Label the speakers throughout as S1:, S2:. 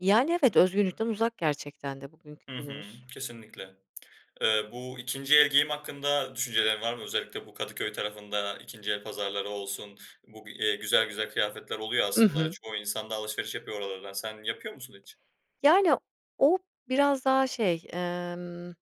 S1: Yani, evet, özgürlükten uzak gerçekten de bugünkü
S2: Hı hı.
S1: günümüz.
S2: Kesinlikle. Eee, bu ikinci el giyim hakkında düşüncelerin var mı? Özellikle bu Kadıköy tarafında ikinci el pazarları olsun, bu bir, eee, güzel güzel kıyafetler oluyor
S1: Hı
S2: aslında
S1: hı.
S2: çoğu insan da alışveriş yapıyor oralardan. Sen yapıyor musun hiç?
S1: Yani, o biraz daha şey, emm,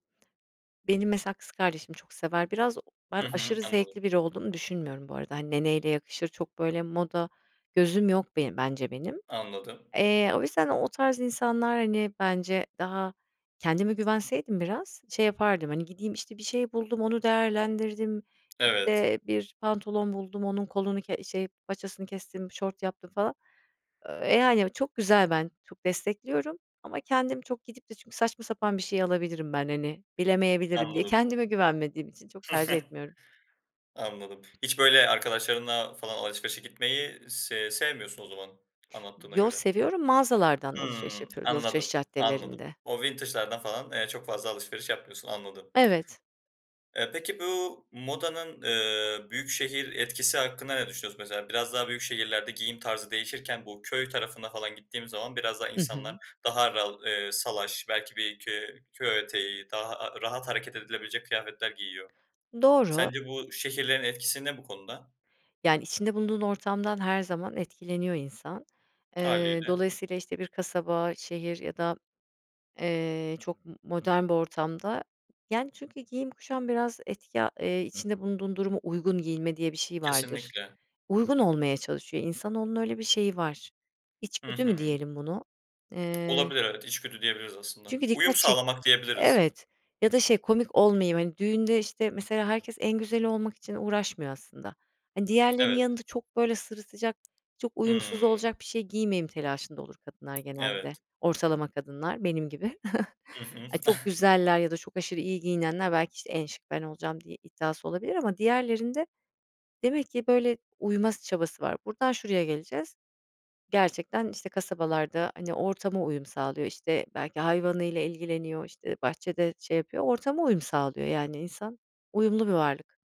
S1: benim mesela kız kardeşim çok sever. Biraz ben
S2: Hı hı.
S1: aşırı
S2: Anladım.
S1: zevkli biri olduğumu düşünmüyorum bu arada. Hani, ne neyle yakışır, çok böyle moda gözüm yok benim bence benim.
S2: Anladım.
S1: Eee, o yüzden o tarz insanlar, hani, bence daha kendime güvenseydim biraz şey yapardım, hani, gideyim işte bir şey buldum, onu değerlendirdim,
S2: Evet.
S1: eee, bir pantolon buldum, onun kolunu ke şey paçasını kestim, şort yaptım falan. Eee, yani çok güzel ben çok destekliyorum ama kendim çok gidip de çünkü saçma sapan bir şey alabilirim ben, hani, bilemeyebilirim diye
S2: Anladım.
S1: kendime güvenmediğim için çok tercih etmiyorum.
S2: Anladım. Hiç böyle arkadaşlarınla falan alışverişe gitmeyi sev sevmiyorsun o zaman anlattığına
S1: Yo,
S2: göre.
S1: seviyorum, mağazalardan alışveriş
S2: Hımm.
S1: yapıyorum alışveriş
S2: Anladım, anladım.
S1: caddelerinde.
S2: O vintage'lardan falan, eee, çok fazla alışveriş yapmıyorsun. Anladım.
S1: Evet.
S2: Eee, peki bu modanın, eee, büyükşehir etkisi hakkında ne düşünüyorsun? Mesela biraz daha büyük şehirlerde giyim tarzı değişirken bu köy tarafına falan gittiğimiz zaman biraz daha
S1: Hı
S2: insanlar
S1: hı.
S2: daha ral eee, salaş belki bir köy köy eteği daha, aaa, rahat hareket edilebilecek kıyafetler giyiyor.
S1: Doğru.
S2: Sence bu şehirlerin etkisi ne bu konuda?
S1: Yani, içinde bulunduğun ortamdan her zaman etkileniyor insan. Eee,
S2: Hâliyle.
S1: dolayısıyla işte bir kasaba, şehir ya da, eee, çok m modern bir ortamda Yani, çünkü giyim kuşam biraz etki, aaa, eee, içinde bulunduğun duruma uygun giyinme diye bir şey vardır.
S2: Kesinlikle.
S1: Uygun olmaya çalışıyor. İnsanoğlunun öyle bir şeyi var.
S2: Hı
S1: İçgüdü mü
S2: hı.
S1: diyelim bunu? Eee
S2: Olabilir evet, içgüdü diyebiliriz aslında.
S1: Çünkü
S2: Uyum
S1: dikkat çek
S2: sağlamak diyebiliriz.
S1: Evet ya da şey komik olmayayım, hani, düğünde, işte, mesela, herkes en güzeli olmak için uğraşmıyor aslında. Hani, diğerlerinin
S2: Evet.
S1: yanında çok böyle sırıtacak, çok uyumsuz
S2: Hımm.
S1: olacak bir şey giymeyeyim telaşında olur kadınlar genelde.
S2: Evet.
S1: Ortalama kadınlar benim gibi.
S2: Hı hı.
S1: Ay, çok güzeller ya da çok aşırı iyi giyinenler, belki, işte en şık ben olacağım diye iddiası olabilir ama diğerlerinde demek ki böyle uyma s çabası var. Buradan şuraya geleceğiz, gerçekten işte kasabalarda, hani, ortama uyum sağlıyor işte belki hayvanıyla ilgileniyor işte bahçede şey yapıyor ortama uyum sağlıyor yani insan uyumlu bir varlık.